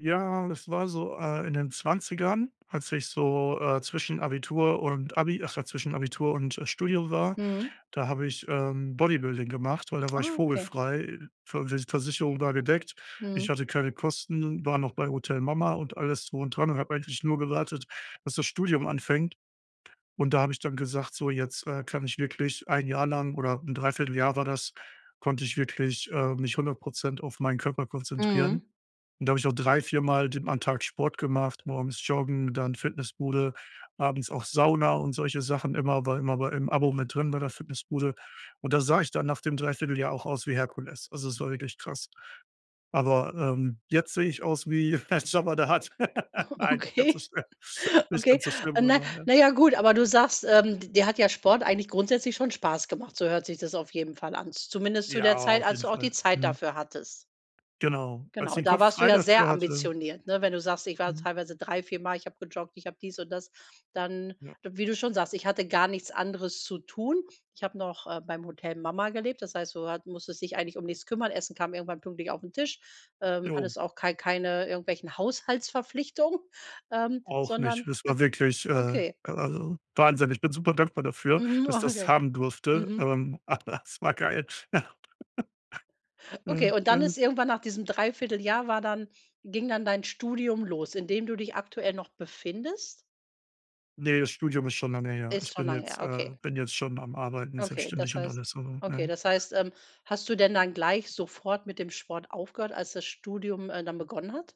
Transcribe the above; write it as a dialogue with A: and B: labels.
A: Ja, und das war so, äh, in den 20ern, als ich so, äh, zwischen Abitur und Abi ach ja, zwischen Abitur und, äh, Studium war,
B: Mhm.
A: da habe ich, ähm, Bodybuilding gemacht, weil da war ich
B: Ah, okay.
A: vogelfrei. V Ver Versicherung war gedeckt.
B: Mhm.
A: Ich hatte keine Kosten, war noch bei Hotel Mama und alles drum und dran und habe eigentlich nur gewartet, dass das Studium anfängt. Und da habe ich dann gesagt, so, jetzt, äh, kann ich wirklich 1 Jahr lang, oder 'n 3/4 Jahr war das, konnte ich wirklich, äh, mich 100 % auf meinen Körper konzentrieren.
B: Mhm.
A: Und da habe ich auch drei viermal denn am Tag Sport gemacht, morgens Joggen, dann Fitnessbude, abends auch Sauna und solche Sachen immer war immer bei im Abo mit drin bei der Fitnessbude. Und da sah ich dann nach dem 3/4 Jahr auch aus wie Herkules. Also, es war wirklich krass. Aber, ähm, jetzt sehe ich aus wie Jabba the Hutt. Nein, nicht ganz so
B: Okay.
A: schlimm, nicht
B: Okay.
A: ganz so schlimm
B: Na,
A: aber, ne?
B: na ja, gut, aber du sagst, ähm, d dir hat ja Sport eigentlich grundsätzlich schon Spaß gemacht. So hört sich das auf jeden Fall an. Zumindest zu der
A: Ja,
B: Zeit,
A: auf
B: als
A: jeden
B: du auch die
A: Fall.
B: Zeit
A: Mhm.
B: dafür hattest.
A: Genau, als
B: Genau,
A: ich den
B: da
A: Kopf
B: warst du
A: frei
B: ja
A: dafür
B: sehr
A: hatte
B: ambitioniert, ne? Wenn du sagst: „Ich war
A: Mhm.
B: teilweise drei viermal ich habe gejoggt, ich habe dies und das“, dann
A: Ja.
B: wie du schon sagst, „ich hatte gar nichts anderes zu tun. Ich habe noch, äh, beim Hotel Mama gelebt“, das heißt, du hat musstest dich eigentlich um nichts kümmern. Essen kam irgendwann pünktlich auf 'n Tisch, ähm,
A: Jo.
B: hattest auch kei keine irgendwelchen Haushaltsverpflichtungen, ähm,
A: Auch nicht.
B: sondern
A: Das
B: hat
A: war wirklich, äh, äh,
B: okay.
A: wahnsinnig. Bin super dankbar dafür,
B: Mhm,
A: dass ich das
B: okay.
A: haben durfte.
B: Mhm.
A: Ähm, es war geil. Ja.
B: Okay,
A: Mhm,
B: und dann
A: geil.
B: ist irgendwann nach diesem 3/4 Jahr war dann ging dann dein Studium los, in dem du dich aktuell noch befindest?
A: Ne, das Studium ist schon lange her. Ich
B: Ist schon
A: bin
B: lange
A: jetzt,
B: her,
A: äh
B: okay.
A: bin jetzt schon am Arbeiten,
B: Okay,
A: selbstständig
B: das
A: und
B: heißt
A: alles so,
B: okay,
A: ne?
B: das heißt, ähm, hast du denn dann gleich sofort mit dem Sport aufgehört, als das Studium, äh, dann begonnen hat?